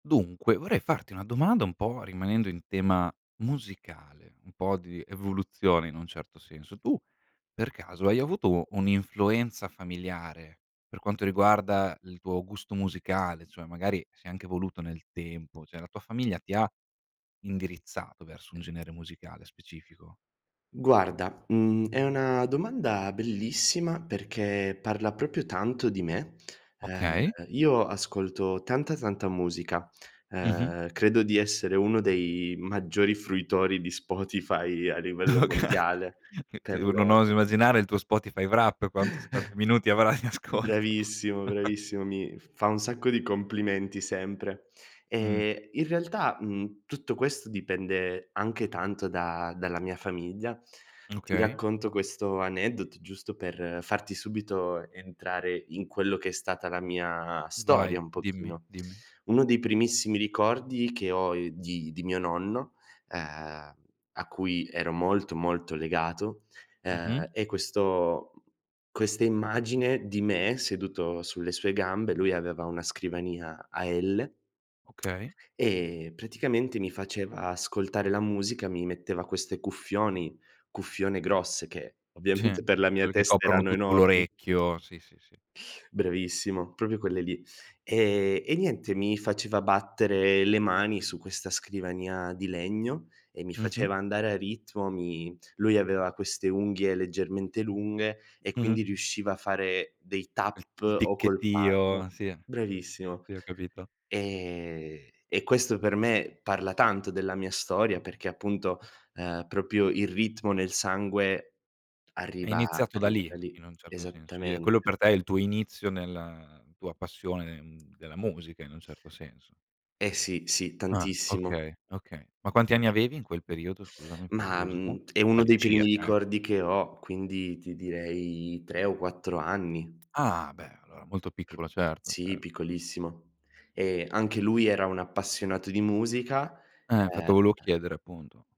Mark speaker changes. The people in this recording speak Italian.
Speaker 1: Dunque, vorrei farti una domanda un po' rimanendo in tema musicale, un po' di evoluzione in un certo senso. Tu, per caso, hai avuto un'influenza familiare, per quanto riguarda il tuo gusto musicale, cioè magari si è anche evoluto nel tempo, cioè la tua famiglia ti ha indirizzato verso un genere musicale specifico?
Speaker 2: Guarda, mhmm, è una domanda bellissima, perché parla proprio tanto di me. Uhm,
Speaker 1: Okay.
Speaker 2: io ascolto tanta, tanta musica,
Speaker 1: Mh-mh.
Speaker 2: uhm, credo di essere uno dei maggiori fruitori di Spotify a
Speaker 1: Oka
Speaker 2: livello mondiale.
Speaker 1: Se
Speaker 2: Per lo
Speaker 1: non oso immaginare il tuo Spotify Wrapped quanto s quanti minuti avrai in ascolto.
Speaker 2: Bravissimo, bravissimo, mi f fa un sacco di complimenti sempre.
Speaker 1: Mh.
Speaker 2: Ehm, in realtà, mhmm, tutto questo dipende anche tanto da dalla mia famiglia.
Speaker 1: M
Speaker 2: Ti
Speaker 1: okay.
Speaker 2: racconto questo aneddoto giusto per farti subito entrare in quello che è stata la mia storia,
Speaker 1: Vai,
Speaker 2: un
Speaker 1: dimmi,
Speaker 2: pochino.
Speaker 1: dimmi.
Speaker 2: Uno dei primissimi ricordi che ho, ehm, di di mio nonno, uhm, a cui ero molto, molto legato,
Speaker 1: Mh-mh.
Speaker 2: uhm, è questo mhmm, questa immagine di me seduto sulle sue gambe, lui aveva una scrivania a L
Speaker 1: Okay.
Speaker 2: e, praticamente, mi faceva ascoltare la musica, mi metteva queste cuffioni cuffione grosse che,
Speaker 1: Sì.
Speaker 2: ovviamente per la mia
Speaker 1: Quelle che
Speaker 2: testa
Speaker 1: coprono
Speaker 2: erano
Speaker 1: tutto
Speaker 2: enormi.
Speaker 1: l'orecchio, sì, sì, sì.
Speaker 2: Bravissimo, proprio quelle lì. Ehm e niente mi faceva battere le mani su questa scrivania di legno e mi
Speaker 1: Mh-mh.
Speaker 2: faceva andare a ritmo, mi lui aveva queste unghie leggermente lunghe e
Speaker 1: Mh-mh.
Speaker 2: quindi riusciva a fare dei
Speaker 1: Quel
Speaker 2: tap
Speaker 1: il
Speaker 2: o col
Speaker 1: ticchettio,
Speaker 2: palmo
Speaker 1: sì, sì,
Speaker 2: bravissimo.
Speaker 1: sì ho capito.
Speaker 2: E e questo per me parla tanto della mia storia perché, appunto, uhm, proprio il ritmo nel sangue
Speaker 1: È
Speaker 2: arriva
Speaker 1: iniziato da
Speaker 2: arriva
Speaker 1: lì,
Speaker 2: da lì.
Speaker 1: in un certo senso, i e quello
Speaker 2: Esattamente.
Speaker 1: per te è il tuo inizio nella tua passione, mhmm, della musica, in un certo senso.
Speaker 2: Eh sì, sì,
Speaker 1: Ah,
Speaker 2: tantissimo.
Speaker 1: okay, okay. Ma quanti
Speaker 2: [unintelligible]
Speaker 1: anni avevi in quel periodo, scusami, per
Speaker 2: Mah,
Speaker 1: curiosità?
Speaker 2: mhmm, è uno dei primi
Speaker 1: All'incirca, eh.
Speaker 2: ricordi che ho, quindi ti direi 3 o 4 anni.
Speaker 1: Ah, beh, allora molto piccolo certo,
Speaker 2: Sì,
Speaker 1: cer
Speaker 2: piccolissimo e anche lui era un appassionato di musica,
Speaker 1: Eh, infatti volevo
Speaker 2: ehm
Speaker 1: chiedere, appunto.